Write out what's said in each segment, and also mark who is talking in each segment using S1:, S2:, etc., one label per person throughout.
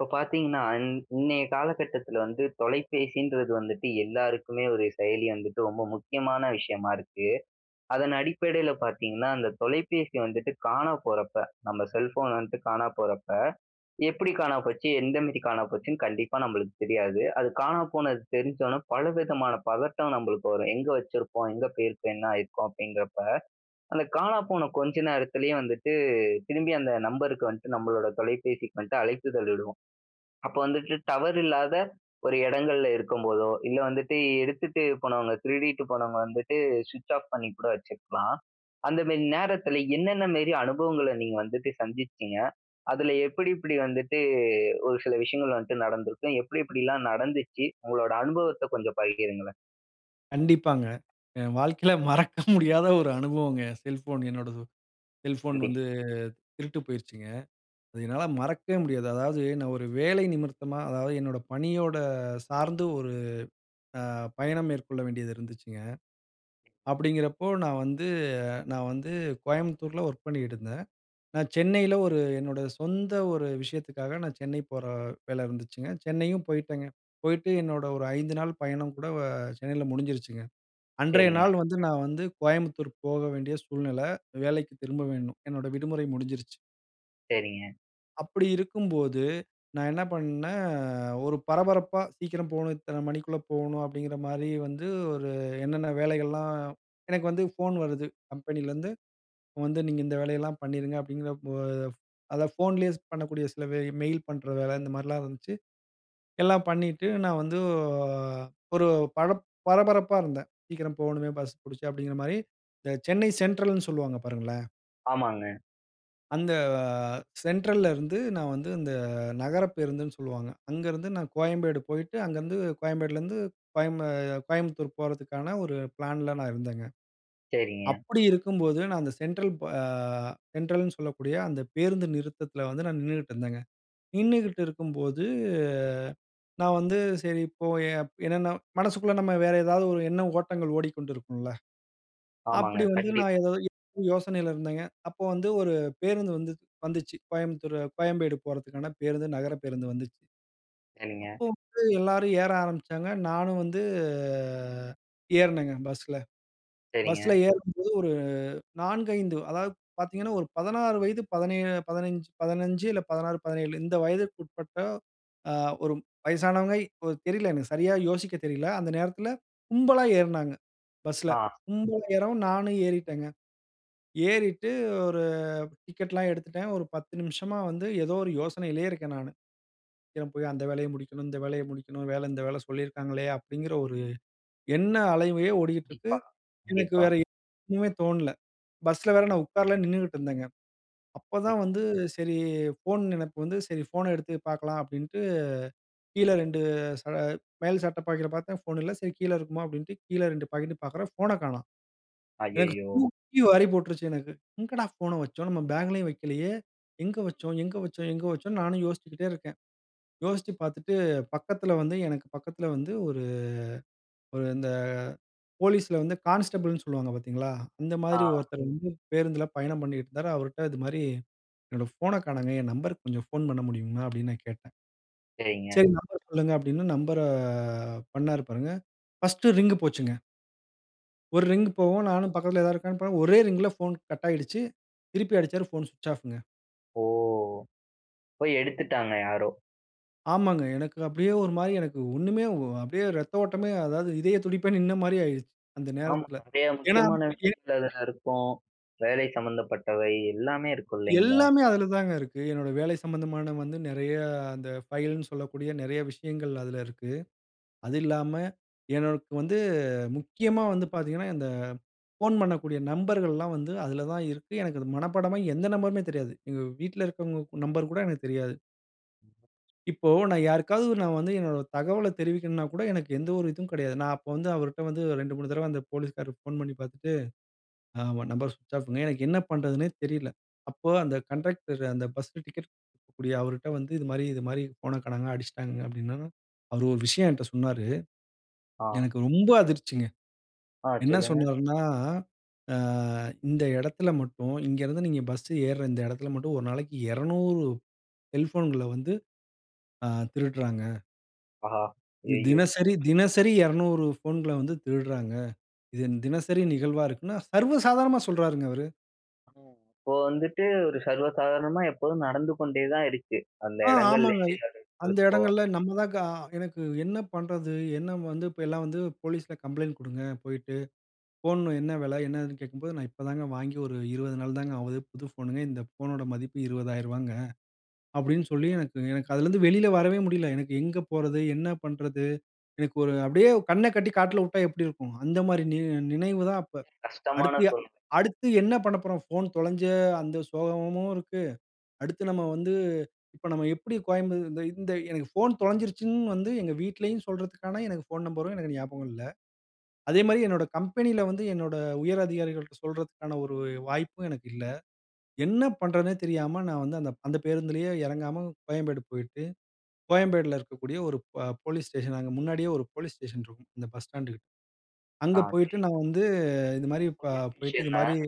S1: இப்போ பாத்தீங்கன்னா, இன் இன்னைய காலகட்டத்தில வந்து தொலைபேசின்றது வந்துட்டு எல்லாருக்குமே ஒரு செயலி வந்துட்டு ரொம்ப முக்கியமான விஷயமா இருக்கு. அதன் அடிப்படைல பாத்தீங்கன்னா, அந்த தொலைபேசி வந்துட்டு காணா போறப்ப, நம்ம செல் ஃபோன் வந்ட்டு காணா போறப்ப, எப்பிடி காணா போச்சு? எந்த மேரி காணா போச்சுன்னு கண்டிப்பா நம்பளுக்கு தெரியாது. அது காணா போனது தெரிஞ்சோனே பலவிதமான பதட்டம் நம்பளுக்கு வரும். எங்க வச்சுருப்போம்? எங்க போயிருக்கும்? என்ன ஆயிருக்கும்? அப்படிங்கிறப்பா, அந்த காணா போன கொஞ்ச நேரத்துலயே வந்துட்டு திரும்பி அந்த நம்பருக்கு வந்ட்டு நம்பளோட தொலைபேசிக்கு வந்ட்டு அழைப்பிதழ் இடுவோம். அப்பா வந்துட்டு டவர் இல்லாத ஒரு எடங்கள்ல இருக்கும்போதோ, இல்ல வந்துட்டு எடுத்துட்டு போனவங்க, திருடிட்டு போனவங்க வந்துட்டு ஸ்விட்ச் ஆஃப் பண்ணி கூட வச்சுக்கலாம். அந்த மேரி நேரத்துல என்னென்ன மேரி அனுபவங்கள நீங்க வந்துட்டு சந்திச்சீங்க? அதில எப்படி எப்படி வந்துட்டு ஒரு சில விஷயங்கள் வந்ட்டு நடந்திருக்கும், எப்படி எப்டிலாம் நடந்துச்சு? உங்களோட அனுபவத்த கொஞ்சம் பகிருங்களேன்.
S2: கண்டிப்பாங்க, என் வாழ்க்கையில மறக்க முடியாத ஒரு அனுபவங்க! என் செல்ஃபோன் என்னோடது, செல்ஃபோன் வந்து
S1: கண்டிப்பா.
S2: திருட்டு போயிருச்சுங்க. அது என்னால மறக்கவே முடியாது. அதாவது, நான் ஒரு வேலையின் நிமித்தமா, அதாவது என்னோட பணியோட சார்ந்து ஒரு அ பயணம் மேற்கொள்ள வேண்டியது இருந்துச்சுங்க. அப்படிங்கிறப்போ, நான் வந்து நான் வந்து கோயம்புத்தூர்ல ஒர்க் பண்ணிக்ட்டுருந்தேன். நான் சென்னையில ஒரு என்னோட சொந்த ஒரு விஷயத்துக்காக, நான் சென்னை போற வேல இருந்துச்சுங்க. சென்னையும் போயிட்டேங்க. போயிட்டு என்னோட ஒரு 5 நாள் பயணம் கூட வ சென்னைல முடிஞ்சிருச்சுங்க. அன்றைய
S1: செரிங்க.
S2: நாள் வந்து நான் வந்து கோயம்புத்தூர் போக வேண்டிய சூழ்நில, வேலைக்கு திரும்ப வேணும், என்னோட விடுமுறை முடிஞ்சிருச்சு.
S1: செரிங்க.
S2: அப்பிடி இருக்கும்போது, நா என்ன பண்ணே ஒரு பரபரப்பா, "சீக்கிரம் போணோ, இத்தன மணிக்குள்ள போநோ" அப்டிங்கிற மாரி வந்து, ஒரு என்னன்ன வேலைகள்லா எனக்கு வந்து ஃபோன் வருது, கம்பெனிலேந்து, "வந்து, நீங்க இந்த வேலையெல்லா பண்ணிருங்க." அப்படிங்கிற, [unintelligible] அதான் ஃபோன்லியே பண்ணக்கூடிய, சில மெயில் பண்ணுற வேல, இந்த மாரிலா இருந்துச்சு. எல்லா பண்ணிட்டு, நா வந்து ஒரு ஆ பர பரபரப்பா இருந்தேன். "சீக்கிரம் போகனுமே, பஸ் பிடிச்சு." அப்டிங்கிற மாரி. இந்த சென்னை சென்ட்ரல்னு சொல்வாங்க பாருங்களே.
S1: ஆமாங்க.
S2: அந்த, சென்ட்ரல்லெருந்து, நான் வந்து இந்த நகர பேருந்துன்னு சொல்லுவாங்க. அங்கருந்து நான் கோயம்பேடு போயிட்டு, அங்கருந்து கோயம்பேடுலேருந்து, கோயம்பு கோயம்புத்தூர் போறதுக்கான ஒரு ப்ளான்ல நான் இருந்தேங்க.
S1: செரிங்க.
S2: அப்பிடி இருக்கும்போது நான் அந்த சென்ட்ரல், ப சென்ட்ரல்னு சொல்லக்கூடிய அந்த பேருந்து நிறுத்தத்தில வந்து நான் நின்னுட்டு இருந்தேங்க. நின்னுக்கிட்டு இருக்கும்போது, நான் வந்து சரி, போய என்னன்னா, மனசுக்குள்ள நம்ம வேற ஏதாவது ஒரு எண்ண ஓட்டங்கள் ஓடிக்கொண்டு இருக்கும்ல?
S1: ஆமாங்க,
S2: அப்டி வந்து நான்
S1: கண்டிப்பா.
S2: ஏதோ [unintelligible] யோசனையில இருந்தேங்க. அப்போ வந்து ஒரு பேருந்து வந்து வந்துச்சு. கோயம்புத்தூர், கோயம்பேடு போறதுக்கான பேருந்து நகர பேருந்து வந்துச்சு.
S1: சரிங்க.
S2: அப்போ [unintelligible] எல்லாரு ஏற ஆரம்பிச்சாங்க. நானும் வந்து ஏறுனேங்க, பஸ்ல. பஸ்ல
S1: செரிங்க.
S2: ஏறும்போது ஒரு 4,5 அதாவது பார்த்தீங்கனா, ஒரு 16 வயது 17. 15- 15 இல்ல, 16-17 இந்த வயதிக்கு உட்பட்ட ஆ, ஒரு வயசானவங்கை ஓ தெரியல எனக்கு சரியா யோசிக்கத் தெரியல. அந்த நேரத்தில கும்பலா ஏறினாங்க பஸ்ல.
S1: ஆ.
S2: கும்பலா ஏறவும், நானும் ஏறிட்டேங்க. ஏறிட்டு ஒரு டிக்கெட்லாம் எடுத்துட்டேன். ஒரு 10 நிமிஷமா வந்து ஏதோ ஒரு யோசனையிலே இருக்கேன் நானு. "சீக்கிரம் போய் அந்த வேலைய முடிக்கணும், இந்த வேலைய முடிக்கணு. அந்த வேல, இந்த வேல சொல்லியிருக்காங்களே!" அப்டிங்கிற ஒரு எண்ண அலையே ஓடிகிட்டு இருக்கு.
S1: டிப்பா,
S2: எனக்கு
S1: கண்டிப்பா.
S2: வேற [unintelligible] மே தோணல. பஸ்ல வேற நா உக்காரல நின்னுட்டு இருந்தேங்க. அப்ப
S1: ம்.
S2: தான் வந்து சரி, ஃபோன் நினப்பு வந்து, "சரி. ஃபோன எடுத்து பார்க்கலாம்" அப்படின்ட்டு கீழ 2 ச மேல் சட்ட பாக்கெட்டில பார்த்தேன், ஃபோன் இல்ல. "சரி, கீழ இருக்குமா?" அப்படின்ட்டு, கீழ 2 பாக்கெட்டும் பார்க்குறேன் ஃபோன காணோம்! எனக்கு
S1: அய்யய்யோ!
S2: தூக்கி வாரி போட்டுருச்சு, எனக்கு. "எங்கடா ஃபோன வச்சோம்? நம்ம பேக்லேயும் வைக்கலையே எங்க வச்சோம்? எங்க வச்சோம்?" எங்க வச்சோம்னு, நானு யோசிச்சுகிட்டே இருக்கேன். யோசிச்சு பார்த்துட்டு, பக்கத்தில வந்து எனக்கு பக்கத்தில வந்து ஒரு ஒரு இந்த போலீஸ்ல வந்து கான்ஸ்டபிள்ன்னு சொல்லுவாங்க, பாத்தீங்களா. அந்த மாரி
S1: ஆ.
S2: ஒருத்தர் வந்து பேருந்தில பயணம் பண்ணிட்டு இருந்தாரு. அவருட்ட இது மாரி, "என்னோட ஃபோன காணோங்க. என் நம்பர்ருக்கு கொஞ்சம் ஃபோன் பண்ண முடியுமா?" அப்படின்னு நான் கேட்டேன்.
S1: செரிங்க.
S2: "சரி, நம்பர சொல்லுங்க" அப்டின்னு நம்பர பண்னாரு பாருங்க. பர்ஸ்ட் ரிங் போச்சுங்க. ஒரு ரிங்கு போகும். நானும் பக்கத்தில ஏதாது இருக்கானு பா ஒரே ரிங்ல போன் கட் ஆகிடுச்சு. திருப்பி அடிச்சாரு, போன் ஸ்விட்ச் ஆஃங்க.
S1: ஓ! ப்ப எடுத்துட்டாங்க யாரோ?
S2: ஆமாங்க. எனக்கு அப்டியே ஒரு மாரி எனக்கு ஒண்ணுமே அ அப்டியே இரத்த ஓட்டமே அதாவது, இதய துடிப்பே நின்ன மாரி ஆகிருச்சு. அந்த
S1: ஆமாங்க,
S2: நேரத்துல.
S1: நெறைய
S2: ஏன்னா
S1: முக்கியமான
S2: என்
S1: விஷயங்கள் அதுல இருக்கும். வேலை சம்மந்தப்பட்டவை, எல்லாமே இருக்கும், இல்லைங்களா?
S2: எல்லாமே அதுல தாங்க இருக்கு. என்னோட வேலை சம்மந்தமான வந்து, நெறையா அந்த ஃபைல்ன்னு சொல்லக்கூடிய, நெறைய விஷயங்கள் அதுல இருக்கு. அது இல்லாம எனக்கு வந்து முக்கியமா வந்து பார்த்தீங்கன்னா, இந்த ஃபோன் பண்ணக்கூடிய நம்பர்கள்லாம் வந்து அதுல தான் இருக்கு. எனக்கு அது மனப்பாடமா எந்த நம்பருமே தெரியாது. எங்க வீட்ல இருக்குறவங்க நம்பர் கூட எனக்கு தெரியாது. இப்போ நான் யாருக்காவது, நான் வந்து என்னோட தகவல தெரிவிக்கணும்னா கூட, எனக்கு எந்த ஒரு இதுவும் கெடையாது. நான் அப்போ வந்து அவர்ட்ட வந்து 2, 3 தடவ அந்த போலீஸ்காரரு போன் பண்ணி பார்த்துட்டு, ஆமா, நம்பர் ஸ்விட்ச் ஆஃப்ங்க. எனக்கு என்ன பண்றதுன்னே தெரியல. அப்போ அந்த கண்டக்டரு, அந்த பஸ் டிக்கெட் குடுக்கக்கூடிய அவருட்ட வந்து, "இது மாரி இது மாரி போன காணாங்க, அடிச்சுட்டாங்க." அப்டின்னதும். அவரு ஒரு விஷயம் என்ட்ட சொன்னாரு.
S1: ஆ.
S2: எனக்கு ரொம்ப அதிர்ச்சிங்க.
S1: ஆ,
S2: என்ன
S1: சொல்லுங்க.
S2: சொன்னாருன்னா, "ஆ இந்த எடத்துல மட்டும், இங்கே இருந்து நீங்க பஸ் ஏருற இந்த எடத்துல மட்டும், ஒரு நாளைக்கு 200 செல்போன்கள வந்து ஆ திருடுறாங்க."
S1: ஆஹா! ஐயயோ!
S2: தினசரி தினசரி 200 ஃபோன்கள வந்து திருடுறாங்க. இது தினசரி நிகழ்வா இருக்குன்னு சர்வசாதாரணமா சொல்றாருங்க அவரு.
S1: ம் இப்போ, வந்துட்டு ஒரு சர்வ சாதாரணமா எப்போதும் நடந்து கொண்டே தான் இருக்கு. அந்த
S2: ஆ, ஆமாங்க. இ
S1: எடங்கள்லயே. [unintelligible]
S2: அந்த
S1: லிப்போ
S2: இடங்கள்ல நம்ம தாங்க அ எனக்கு என்ன பண்றது? என்ன வந்து, இப்போ எல்லாம் வந்து போலீஸ்ல கம்ப்ளைண்ட் குடுங்க போயிட்டு. ஃபோன் என்ன விலை? என்னதுன்னு கேக்கும்போது "நான் இப்பதாங்க வாங்கி ஒரு 20 நாள் தாங்க ஆகுது. புது ஃபோனுங்க. இந்த ஃபோனோட மதிப்பு ரூ.20,000ங்க" அப்டீன்னு சொல்லி
S1: கண்டிப்பா.
S2: எனக்கு எனக்கு அதிலேந்து வெளியில வரவே முடியல. எனக்கு எங்க போறது? என்ன பண்றது? எனக்கு ஒரு அப்டீயே கண்ண கட்டி காட்டுல வுட்டா எப்டி இருக்கும், அந்த மாரி நியோ நினைவுதான் அப்ப.
S1: கஷ்டமான
S2: அடுத்து, எ
S1: சொல்ங்க.
S2: அடுத்து என்ன பண்ண போறோம்? ஃபோன் தொலைஞ்ச அந்த சோகமும் இருக்கு. அடுத்து நம்ம வந்து இப்போ நம்ம எப்டி கோயம்ப இந்த இந்த எனக்கு ஃபோன் தொலைஞ்சுருச்சுன்னு வந்து எங்க வீட்டிலயும் சொல்றதுக்கான எனக்கு ஃபோன் நம்பரும் எனக்கு ஞாபகம் இல்ல. அதேமாரி என்னோட கம்பெனில வந்து என்னோட உயர் அதிகாரிகள்ட்ட சொல்றதுக்கான ஒரு வாய்ப்பும் எனக்கு இல்ல. என்ன பண்றதுன்னே தெரியாம நான் வந்து அந்தப் அந்த பேருந்துலயே இறங்காம கோயம்பேடு போய்ட்டு, கோயம்பேடுல இருக்கக்கூடிய ஒரு ப போலீஸ் ஸ்டேஷன், அங்க முன்னாடியே ஒரு போலீஸ் ஸ்டேஷன் இருக்கும். இந்த பஸ் ஸ்டாண்டுக்கிட். அங்க
S1: ஆ. செரி.
S2: போய்ட்டு நான் வந்து இந்த மாரி ப
S1: ஒரே
S2: போய்ட்டு
S1: விஷயம்
S2: இது
S1: தான்
S2: மாரி.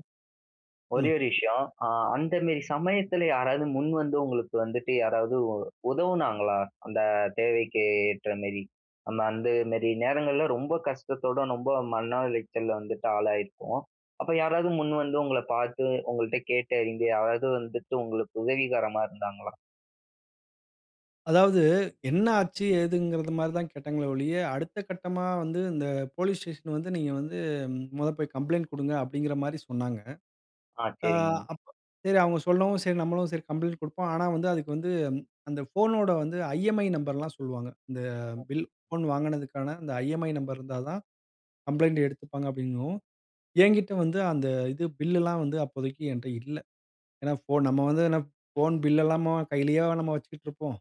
S1: ஒரே
S2: ம்.
S1: ஒரு விஷயம். அ அந்த மேரி சமயத்துல யாராவது முன் வந்து உங்களுக்கு வந்துட்டு யாராவது உ உதவுனாங்களா? அந்த தேவைக்கு ஏற்ற மேரி. நம்ம அந்த மேரி நேரங்கள்ல ரொம்ப கஷ்டத்தோடு ரொம்ப மன உளைச்சல்ல வந்துட்டு ஆளாயிருப்போம். அப்ப யாராவது முன் வந்து உங்கள பாத்து உங்கள்ட்ட கேட்டு இங்க யாராவது வந்துட்டு உங்களுக்கு உதவிகரமா இருந்தாங்களா?
S2: அதாவது என்ன ஆச்சு? ஏதுங்கிறதுமாரி தான் கேட்டாங்களே ஒழிய, அடுத்த கட்டமா வந்து இந்த போலீஸ் ஸ்டேஷ்ன் வந்து நீங்க வந்து மொத போய் கம்ப்ளைண்ட் குடுங்க அப்பிடிங்கிற மாரி சொன்னாங்க.
S1: ஆ
S2: அ
S1: செரிங்க.
S2: அப்ப சரி அவுங்க சொல்லவும், சரி நம்மளும் சரி கம்ப்ளைண்ட் கொடுப்போம். ஆனா, வந்து அதுக்கு வந்து அந்த ஃபோனோட வந்து ஐ-எம்-இ-ஐ நம்பர் லாம் சொல்லுவாங்க. இந்த பில் ஃபோன் வாங்கினதுக்கான அந்த ஐ-எம்-இ-ஐ நம்பர் இருந்தா தான், கம்ப்ளைண்ட் எடுத்துப்பாங்க அப்பிடிங்கவும், என்கிட்ட வந்து அந்த இது பில் எல்லாம் வந்து அப்போதைக்கு என்ட்ட இல்ல. ஏன்னா ஃபோன் நம்ம வந்து என்ன ஃபோன் பில் எல்லாமாவா கையிலேயேவா நம்ம வச்சுக்கிட்டு இருப்போம்?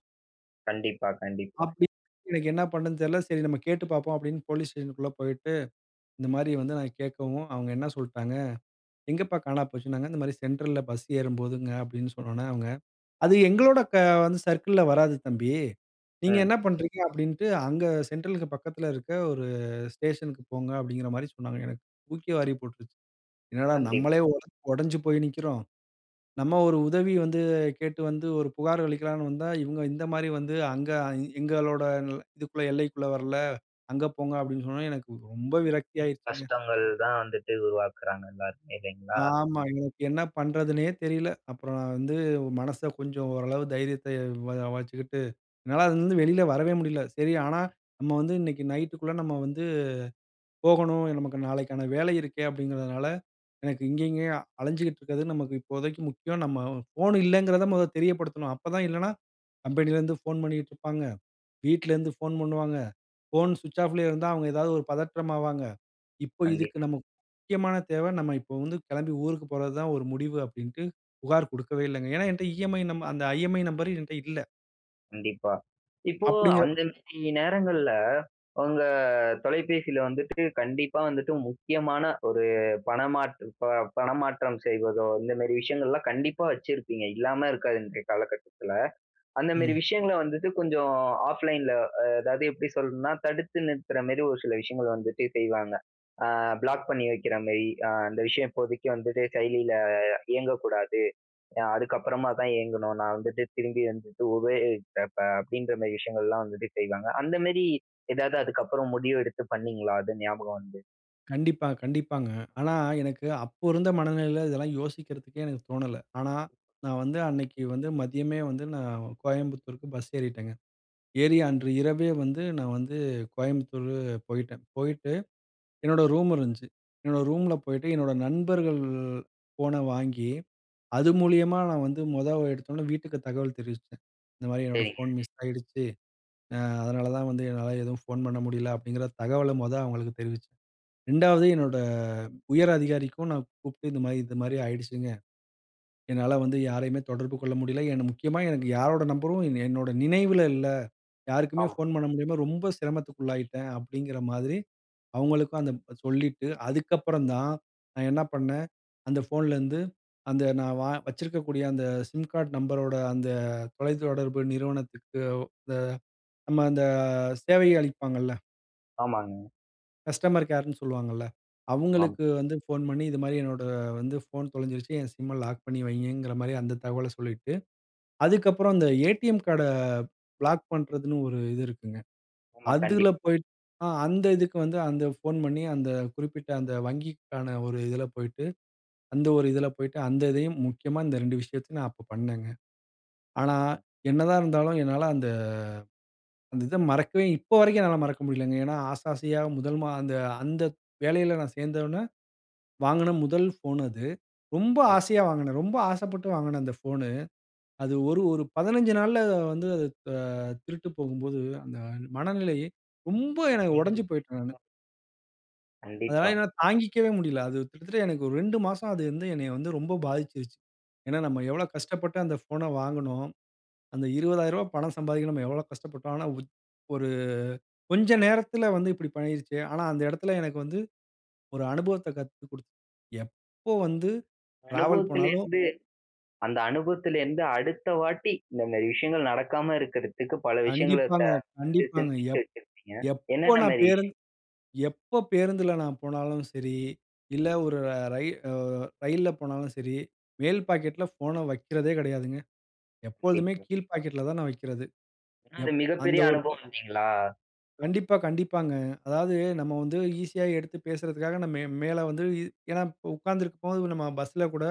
S1: கண்டிப்பா, கண்டிப்பா.
S2: அப்பிடி எனக்கு என்ன பண்றதுன்னு தெரியல. சரி நாம் கேட்டு பார்ப்போம் அப்பிடின்னு போலீஸ் ஸ்டேஷ்ன்க்குள்ள போயிட்டு இந்தமாரி வந்து நான் கேக்கவும், அவுங்க என்ன சொல்ட்டாங்க, "எங்கப்பா காணா போச்சுன்னாங்க?" இந்தமாரி, "சென்ட்ரல் ல பஸ் ஏறும் போதுங்க" அப்பிடின்னு சொன்ன உடனே, அவுங்க, "அது எங்களோட வந்து க சர்க்கிள்ல வராது தம்பி. நீங்க
S1: ம்.
S2: என்ன பண்றீங்க" அப்பிடின்ட்டு, "அங்க அ சென்ட்ரல்க்கு பக்கத்துல இருக்க ஒரு ஸ்டேஷன் க்கு போங்க" அப்பிடிங்கிறமாரி சொன்னாங்க. எனக்கு தூக்கி வாரி போட்ருச்சு. என்னடா! நம்மளே
S1: கண்டிப்பா.
S2: ஒடு ஒடஞ்சு போய் நிக்கிறோம். நம்ம ஒரு உதவி வந்து கேட்டு வந்து ஒரு புகார் அளிக்கலான்னு வந்தா, இவுங்க இந்தமாரி வந்து அங்கே எங்களோட இதுக்குள்ள எல்லைக்குள்ள வரல, அங்க போங்க அப்பிடின்னு சொன்னவுடன எனக்கு ரொம்ப விரக்தி ஆயிருச்சுங்க.
S1: கஷ்டங்கள் தான் வந்துட்டு உருவாக்குறாங்க எல்லாருமே இல்லைங்களா?
S2: ஆமா. எனக்கு என்ன பண்றதுன்னே தெரியல. அப்புறம் நான் வந்து மனச கொஞ்சம் ஓரளவு தைரியத்த வரவளைச்சுக்கிட்டு என்னால அதுலருந்து வெளியில் வரவே முடியல. சரி, ஆனா நம்ம வந்து இன்னக்கி நைட்டுக்குள்ள நம்ம வந்து போகணும். நமக்கு நாளைக்கான வேலை இருக்கே அப்பிடிங்கிறதுனால, எனக்கு இங்கே, இங்கேயே அலஞ்சுகிட்டு இருக்கிறது நமக்கு இப்போதைக்கு முக்கியம் நம்ம ஃபோன் இல்லங்கிறத மொத தெரியப்படுத்தணும். அப்பதான் இல்லன்னா கம்பெனியிலருந்து ஃபோன் பண்ணிட்டு இருப்பாங்க, வீட்லருந்து ஃபோன் பண்ணுவாங்க. ஃபோன் ஸ்விட்ச் ஆஃப்லேயே இருந்தா அவுங்க ஏதாவது ஒரு பதற்றம் ஆவாங்க. இப்ப இதுக்கு
S1: கண்டிப்பா.
S2: நம்ம முக்கியமான தேவ நம்ம இப்ப வந்து கெளம்பி ஊருக்கு போறது தான் ஒரு முடிவு. அப்பிடின்ட்டு புகார் குடுக்கவே இல்லங்க. ஏன்னா எங்கிட்ட இ-எம்-ஐ நம் அந்த ஐ-எம்-இ-ஐ நம்பர் என்கிட்ட இல்ல.
S1: கண்டிப்பா. இப்போ
S2: அப்டிங்கிற
S1: அந்த மாதிரி நேரங்கள்ல உங்க தொலைபேசியில வந்துட்டு, கண்டிப்பா வந்துட்டு முக்கியமான ஒரு பணமாற்று ப பணமாற்றம் செய்வதோ, இந்த மாதிரி விஷயங்கள்லாம் கண்டிப்பா வச்சிருப்பீங்க. இல்லாம இருக்காது, இன்றைய காலகட்டத்துல. அந்த மாதிரி
S2: ம்.
S1: விஷயங்கள வந்துட்டு, கொஞ்சம் ஆஃப்லைன்ல அ அதாவது எப்டி சொல்லணும்னா, தடுத்து நிறுத்துற மாதிரி ஒரு சில விஷயங்கள் வந்துட்டு செய்வாங்க. ஆ பிளாக் பண்ணி வைக்கிற மாதிரி. அந்த விஷயம் இப்போதைக்கு வந்துட்டு செயலியில இயங்கக்கூடாது. அதுக்கு அப்புறமா தான் இயங்கணும். நான் வந்துட்டு திரும்பி வந்துட்டு உபயோகிக்கிறப்ப அப்டின்ற மாதிரி விஷயங்கள்லாம் வந்துட்டு செய்வாங்க. அந்த மாதிரி ஏதாவது அதுக்கப்புறம் முடிவு எடுத்து பண்ணீங்களா? அது ஞாபகம் வந்து.
S2: கண்டிப்பா, கண்டிப்பாங்க. ஆனா, எனக்கு அப்போ இருந்த மனநிலையில, இதெல்லாம் யோசிக்கிறதுக்கே எனக்கு தோணல. ஆனா, நான் வந்து
S1: கண்டிப்பா.
S2: அன்னைக்கி வந்து மதியமே வந்து, நான் கோயம்புத்தூருக்கு பஸ் ஏறிட்டேங்க. ஏறி அன்று இரவே வந்து நான் வந்து கோயம்புத்தூர் போயிட்டேன். போயிட்டு என்னோட ரூம் இருந்துச்சு. என்னோட ரூம்ல போயிட்டு என்னோட நண்பர்கள் ஃபோன வாங்கி அது மூலியமா நான் வந்து மொத எடுத்தோனே வீட்டுக்கு தகவல் தெரிவிச்சேன். இந்த மாதிரி என்னோட
S1: செரிங்க.
S2: ஃபோன் மிஸ் ஆயிடுச்சு, அ-அதனால தான் வந்து என்னால எதுவும் ஃபோன் பண்ண முடியல அப்டிங்ற தகவல மொதல் அவங்களுக்கு தெரிவிச்சேன். ரெண்டாவது என்னோட உயர் அதிகாரிக்கும் நான் கூப்ட்டு இந்த மாரி, "இது மாதிரி ஆயிடுச்சுங்க. என்னால வந்து யாரையுமே தொடர்பு கொள்ள முடியல, என்ன முக்கியமா எனக்கு யாரோட நம்பரும், என்னோட நினைவுல இல்ல. யாருக்குமே
S1: ஆமா.
S2: ஃபோன் பண்ண முடியாம ரொம்ப சிரமத்துக்குள்ளாயிட்டேன்" அப்டிங்ற மாதிரி அவுங்களுக்கும் அந்த சொல்லிட்டு, அதுக்கப்புறம் தான் நான் என்ன பண்ணேன், அந்த ஃபோன்லேருந்து, அந்த நான் வ வச்சிருக்கக்கூடிய அந்த சிம் கார்ட் நம்பரோட அந்த தொலைத்தொடர்பு நிறுவனத்துக்கு த நம்ம அந்த சேவைய அளிப்பாங்கல்ல.
S1: ஆமாங்க.
S2: கஸ்டமர் கேர்ன்னு சொல்லுவாங்கல்ல.
S1: ஆமாம்.
S2: அவுங்களுக்கு வந்து ஃபோன் பண்ணி, இது மாரி என்னோட வந்து ஃபோன் தொலைஞ்சிடுச்சு என் SIMஅ லாக் பண்ணி வைங்கங்குற மாரி அந்த தகவல சொல்லிட்டு, அதுக்கப்புறம் அந்த ATM கார்ட பிளாக் பண்றதுன்னு ஒரு இது இருக்குங்க.
S1: ஆமா,
S2: அதுல
S1: கண்டிப்
S2: போய் ஆ அந்த இதுக்கு வந்து அந்த ஃபோன் பண்ணி, அந்த குறிப்பிட்ட அந்த வங்கிக்கான ஒரு இதுல போய்ட்டு, அந்த ஒரு இதுல போய்ட்டு, அந்த இதையும், முக்கியமா இந்த 2 விஷயத்தையும் நான் அப்போ பண்ணேங்க. ஆனா,
S1: ஆமா.
S2: என்னாதான் இருந்தாலும் என்னால அந்த அந்த இத மறக்கவே இப்ப வரைக்கும் என்னால மறக்க முடியலங்க. ஏனா ஆசை ஆசையா முதல் மா அந்த அந்த வேலையில நான் சேந்தவொன்னே, வாங்குன முதல் ஃபோன் அது. ரொம்ப
S1: [unintelligible]
S2: ஆசையா வாங்குனேன். ரொம்ப ஆசைப்பட்டு வாங்குன அந்த ஃபோனு. அது ஒரு ஒரு 15 நாள்ல வந்து அது ஆ திருட்டு போகும்போது, அந்த மனநிலை, ரொம்ப என உடைஞ்சு
S1: வந்துருச்சு
S2: போயிட்டேன் நானு.
S1: வா.
S2: அதனால
S1: கண்டிப்பா.
S2: என்னால தாங்கிக்கவே முடியல. அது கிட்டத்தட்ட எனக்கு ஒரு 2 மாசம் அது வந்து என்னைய வந்து ரொம்ப பாதிச்சிருச்சு. ஏன்னா நம்ம
S1: ம்.
S2: எவ்வளோ கஷ்டப்பட்டு அந்த ஃபோன வாங்குனோம்? அந்த ரூ.20000 பணம் சம்பாதிக்க நம்ம எவ்வளோ கஷ்டப்பட்டோம்? ஆனா உச் ஒரு கொஞ்சம் நேரத்துல வந்து இப்டி பண்ணீருச்சே! ஆனா அந்த எடத்துல எனக்கு வந்து, ஒரு அனுபவத்த கத்துக் குடுத்தது. எப்போ வந்து டிராவல் போனாலும்
S1: அனுபவத்துலருந்து அந்த அனுபவத்துலருந்து அடுத்த வாட்டி, இந்த மாரி விஷயங்கள் நடக்காம இருக்குறதுக்கு, பல விஷயங்கள த
S2: கண்டிப்பாங்க, கண்டிப்பாங்க.
S1: சிந்திச்சு
S2: எப்
S1: வச்சுருப்பீங்க.
S2: எப்போ
S1: என்னென்ன
S2: நான்
S1: மாரி
S2: பேருந்
S1: விஷயம்?
S2: எப்போ பேருந்துல நான் போனாலும் சரி, இல்ல ஒரு ர ரயி அ ரயில்ல போனாலும் சரி. மேல் பாக்கெட்ல ஃபோன வக்கிறதே கெடையாதுங்க. எப்பொழுதுமே
S1: கண்டிப்பா.
S2: கீழ்ப் பாக்கெட்ல தான் நான் வைக்கிறது.
S1: ஏனா, அது
S2: எப் அந்த
S1: மிகப்பெரிய
S2: ஒரு ப
S1: அனுபவம் இல்லைங்களா?
S2: கண்டிப்பா, கண்டிப்பாங்க. அதாவது, நம்ம வந்து ஈஸியா எடுத்து பேசுறதுக்காக மே மேல வந்து ஏன்னா இப்போ உக்காந்துருக்கும்போது நம்ம பஸ்ல கூட,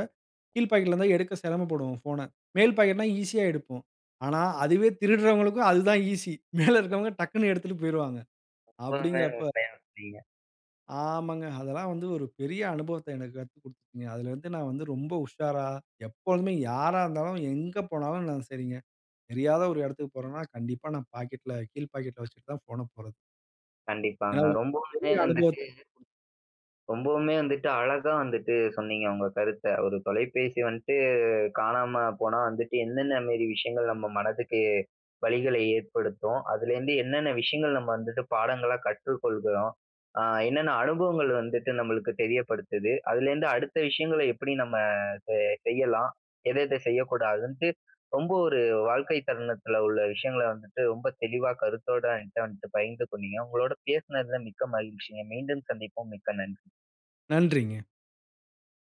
S2: கீழ் பாக்கெட்ல இருந்தா எடுக்க செரமப்படுவோம் ஃபோன. மேல் பாக்கெட்னா ஈஸியா எடுப்போம். ஆனா அதுவே திருடுறவங்களுக்கும் அதுதான் ஈஸி மேல இருக்கவங்க டக்குனு எடுத்துட்டு போயிருவாங்க. அப்டிங்கறப்ப
S1: [unintelligible]
S2: ஆமாங்க, அதெல்லாம் வந்து ஒரு பெரிய அனுபவத்த எனக்கு கத்துக் குடுத்துட்டுச்சுங்க. அதுலருந்து நான் வந்து ரொம்ப உஷாரா எப்பொழுமே யாரா இருந்தாலும், எங்க போனாலும் நான் செரிங்க. தெரியாத ஒரு எடத்துக்கு போறன்னா, கண்டிப்பா நான் பாக்கெட்ல கீழ் பாக்கெட்ல வச்சுட்டுதான் போன போறது. ஏன்னா
S1: கண்டிப்பாங்க.
S2: உ
S1: ரொம்பவுமே
S2: பெரிய அனுபவத்த
S1: வந்துட்டு
S2: குடுத்
S1: ரொம்பவுமே வந்துட்டு அழகா வந்துட்டு சொன்னீங்க, உங்க கருத்த. ஒரு தொலைபேசி வந்ட்டு காணாம போனா வந்துட்டு எந்தெந்த மேரி விஷயங்கள் நம்ம மனதுக்கு வலிகள ஏற்படுத்தும். அதுலேருந்து என்னன்ன விஷயங்கள் நம்ம வந்துட்டு பாடங்களா கற்றுக் கொள்கிறோம். அ என்னன்ன அனுபவங்கள் வந்துட்டு நம்மளுக்கு தெரியப்படுத்துது, அதுலருந்து அடுத்த விஷயங்கள எப்டி நம்ம ச செய்யலாம். ஏதத செய்யக்கூடாதுனுட்டு, ரொம்ப ஒரு வாழ்க்கை தருணத்துல உள்ள விஷயங்கள வந்துட்டு, ரொம்ப தெளிவா கருத்தோட என்கிட்ட வந்துட்டு பகிர்ந்து கொண்டீங்க. உங்களோட பேசுனதுல மிக்க மகிழ்ச்சிங்க. மீண்டும் சந்திப்போம் மிக்க நன்றி.
S2: நன்றிங்க.